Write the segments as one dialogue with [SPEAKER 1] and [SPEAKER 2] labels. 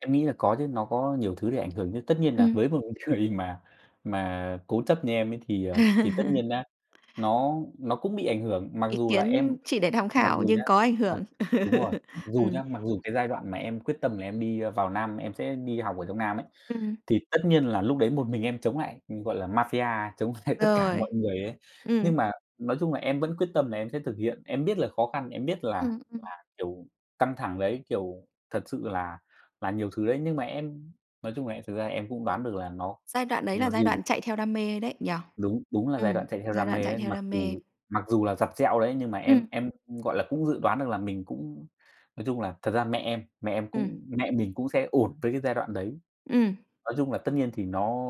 [SPEAKER 1] Em nghĩ là có chứ, nó có nhiều thứ để ảnh hưởng chứ. Tất nhiên là
[SPEAKER 2] Ừm.
[SPEAKER 1] với một người mà mà cố chấp như em ấy thì, ờ, thì tất nhiên nhá, nó nó cũng bị ảnh hưởng. Mặc
[SPEAKER 2] Ý
[SPEAKER 1] dù là em
[SPEAKER 2] kiến chỉ để tham
[SPEAKER 1] mặc
[SPEAKER 2] khảo
[SPEAKER 1] dù nhá
[SPEAKER 2] nhưng có ảnh
[SPEAKER 1] ờ,
[SPEAKER 2] hưởng.
[SPEAKER 1] đúng rồi, dù
[SPEAKER 2] Ừm.
[SPEAKER 1] nhá mặc dù cái giai đoạn mà em quyết tâm là em đi, ờ, vào Nam, em sẽ đi học ở trong Nam ấy,
[SPEAKER 2] Ừm.
[SPEAKER 1] thì tất nhiên là lúc đấy một mình em chống lại, gọi là, mafia, chống lại tất cả
[SPEAKER 2] Rồi,
[SPEAKER 1] mọi người ấy,
[SPEAKER 2] ừm.
[SPEAKER 1] nhưng mà nói chung là em vẫn quyết tâm là em sẽ thực hiện. Em biết là khó khăn, em biết là
[SPEAKER 2] Ừm, ừm.
[SPEAKER 1] là, kiểu, căng thẳng đấy, kiểu thật sự là là nhiều thứ đấy, nhưng mà em nói chung là em thực ra em cũng đoán được là nó
[SPEAKER 2] Giai đoạn đấy
[SPEAKER 1] mặc
[SPEAKER 2] là giai
[SPEAKER 1] dù
[SPEAKER 2] đoạn chạy theo đam mê đấy nhỉ?
[SPEAKER 1] Đúng, đúng là giai
[SPEAKER 2] Ừm,
[SPEAKER 1] đoạn chạy theo
[SPEAKER 2] giai
[SPEAKER 1] đam
[SPEAKER 2] đoạn
[SPEAKER 1] mê
[SPEAKER 2] chạy
[SPEAKER 1] đấy.
[SPEAKER 2] theo
[SPEAKER 1] Mặc
[SPEAKER 2] đam mê.
[SPEAKER 1] dù mặc dù là dặt dẹo đấy, nhưng mà
[SPEAKER 2] Ừm.
[SPEAKER 1] em em, gọi là, cũng dự đoán được là mình cũng, nói chung là thật ra mẹ em mẹ em
[SPEAKER 2] Ừm.
[SPEAKER 1] cũng mẹ mình cũng sẽ ổn với cái giai đoạn đấy,
[SPEAKER 2] Ừm.
[SPEAKER 1] nói chung là tất nhiên thì nó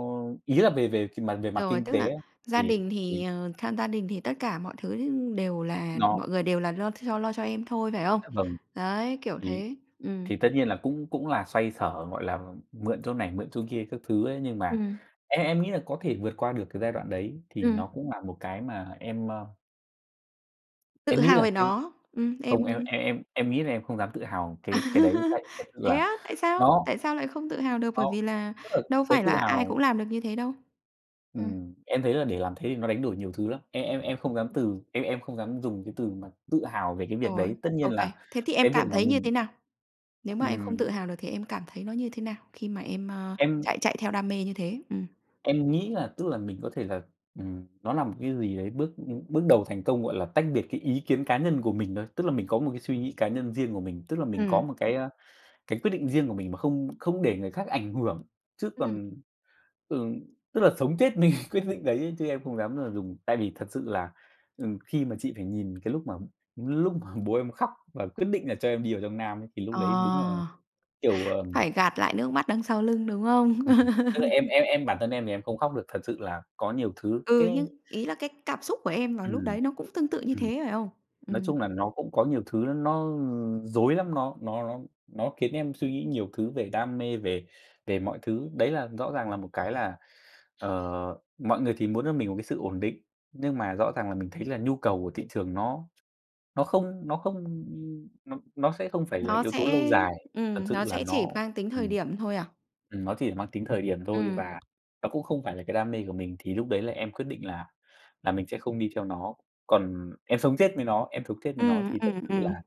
[SPEAKER 1] ý là về về mặt về mặt
[SPEAKER 2] Rồi,
[SPEAKER 1] kinh
[SPEAKER 2] tức
[SPEAKER 1] tế
[SPEAKER 2] là
[SPEAKER 1] ấy
[SPEAKER 2] gia
[SPEAKER 1] thì
[SPEAKER 2] đình
[SPEAKER 1] thì
[SPEAKER 2] thì, ờ, tham gia đình thì tất cả mọi thứ đều là
[SPEAKER 1] Nó
[SPEAKER 2] mọi người đều là lo th lo cho em thôi, phải không?
[SPEAKER 1] Dạ vâng.
[SPEAKER 2] Đấy, kiểu
[SPEAKER 1] Thì
[SPEAKER 2] thế. Ừm.
[SPEAKER 1] thì tất nhiên là cũng cũng là xoay sở gọi là mượn chỗ này, mượn chỗ kia các thứ ấy, nhưng mà
[SPEAKER 2] Ừm.
[SPEAKER 1] em em nghĩ là có thể vượt qua được cái giai đoạn đấy thì
[SPEAKER 2] Ừm.
[SPEAKER 1] nó cũng là một cái mà em, ơ
[SPEAKER 2] Tự
[SPEAKER 1] em nghĩ
[SPEAKER 2] hào
[SPEAKER 1] là
[SPEAKER 2] về
[SPEAKER 1] cái
[SPEAKER 2] nó, ừm,
[SPEAKER 1] không, em
[SPEAKER 2] em
[SPEAKER 1] em em em nghĩ là em không dám tự hào cái cái đấy. Tại thật sự
[SPEAKER 2] Thế
[SPEAKER 1] là
[SPEAKER 2] á, tại sao?
[SPEAKER 1] nó
[SPEAKER 2] Tại sao lại không tự hào được?
[SPEAKER 1] nó
[SPEAKER 2] Bởi vì là
[SPEAKER 1] Tức là
[SPEAKER 2] đâu
[SPEAKER 1] cái
[SPEAKER 2] phải
[SPEAKER 1] tự
[SPEAKER 2] là ai
[SPEAKER 1] hào
[SPEAKER 2] cũng làm được như thế đâu. Ừm.
[SPEAKER 1] Ừm, em thấy là để làm thế thì nó đánh đổi nhiều thứ lắm. Em em em không dám từ em em không dám dùng cái từ mà tự hào về cái việc
[SPEAKER 2] Rồi,
[SPEAKER 1] đấy. Tất
[SPEAKER 2] ô
[SPEAKER 1] nhiên
[SPEAKER 2] kê.
[SPEAKER 1] là
[SPEAKER 2] Thế thì em
[SPEAKER 1] cái việc
[SPEAKER 2] cảm
[SPEAKER 1] mà
[SPEAKER 2] thấy như
[SPEAKER 1] mình
[SPEAKER 2] thế nào? Nếu mà em không
[SPEAKER 1] Ừm.
[SPEAKER 2] tự hào được thì em cảm thấy nó như thế nào khi mà em, ờ,
[SPEAKER 1] Em
[SPEAKER 2] chạy chạy theo đam mê như thế? Ừm.
[SPEAKER 1] Em nghĩ là tức là mình có thể là, ừm, nó là một cái gì đấy, bước bước đầu thành công, gọi là, tách biệt cái ý kiến cá nhân của mình thôi, tức là mình có một cái suy nghĩ cá nhân riêng của mình, tức là mình có
[SPEAKER 2] Ừm.
[SPEAKER 1] một cái, ơ, cái quyết định riêng của mình, mà không không để người khác ảnh hưởng, chứ
[SPEAKER 2] Ừm.
[SPEAKER 1] còn, ừ, tức là sống chết mình quyết định đấy, chứ em không dám là dùng Tại vì thật sự là, ừ, khi mà chị phải nhìn cái lúc mà lúc mà bố em khóc và quyết định là cho em đi vào trong Nam ấy, thì lúc
[SPEAKER 2] Ờ,
[SPEAKER 1] đấy đúng là, kiểu, ờm
[SPEAKER 2] phải gạt lại nước mắt đằng sau lưng, đúng không?
[SPEAKER 1] Ừm, tức là em em em bản thân em thì em không khóc được. Thật sự là có nhiều thứ,
[SPEAKER 2] Ừ, nhưng
[SPEAKER 1] cái
[SPEAKER 2] ý là cái cảm xúc của em vào lúc
[SPEAKER 1] Ừm,
[SPEAKER 2] đấy nó cũng tương tự như
[SPEAKER 1] ừm,
[SPEAKER 2] thế, phải không?
[SPEAKER 1] nói
[SPEAKER 2] Ừm.
[SPEAKER 1] chung là nó cũng có nhiều thứ nó rối lắm, nó nó nó nó khiến em suy nghĩ nhiều thứ về đam mê về về mọi thứ. Đấy là rõ ràng là một cái là, ờ, mọi người thì muốn cho mình một cái sự ổn định, nhưng mà rõ ràng là mình thấy là nhu cầu của thị trường nó nó không nó không nó nó sẽ không phải là
[SPEAKER 2] Nó
[SPEAKER 1] yếu tố lâu
[SPEAKER 2] sẽ,
[SPEAKER 1] dài. Thật
[SPEAKER 2] ừm,
[SPEAKER 1] sự
[SPEAKER 2] nó
[SPEAKER 1] là
[SPEAKER 2] sẽ
[SPEAKER 1] nó,
[SPEAKER 2] chỉ mang tính thời
[SPEAKER 1] ừm,
[SPEAKER 2] điểm thôi à?
[SPEAKER 1] ừm, nó chỉ là mang tính thời điểm thôi
[SPEAKER 2] Ừm.
[SPEAKER 1] và nó cũng không phải là cái đam mê của mình, thì lúc đấy là em quyết định là là mình sẽ không đi theo nó. Còn em sống chết với nó em sống chết với nó
[SPEAKER 2] Ừm,
[SPEAKER 1] thì thật
[SPEAKER 2] ừm,
[SPEAKER 1] sự là
[SPEAKER 2] ừm.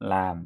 [SPEAKER 1] là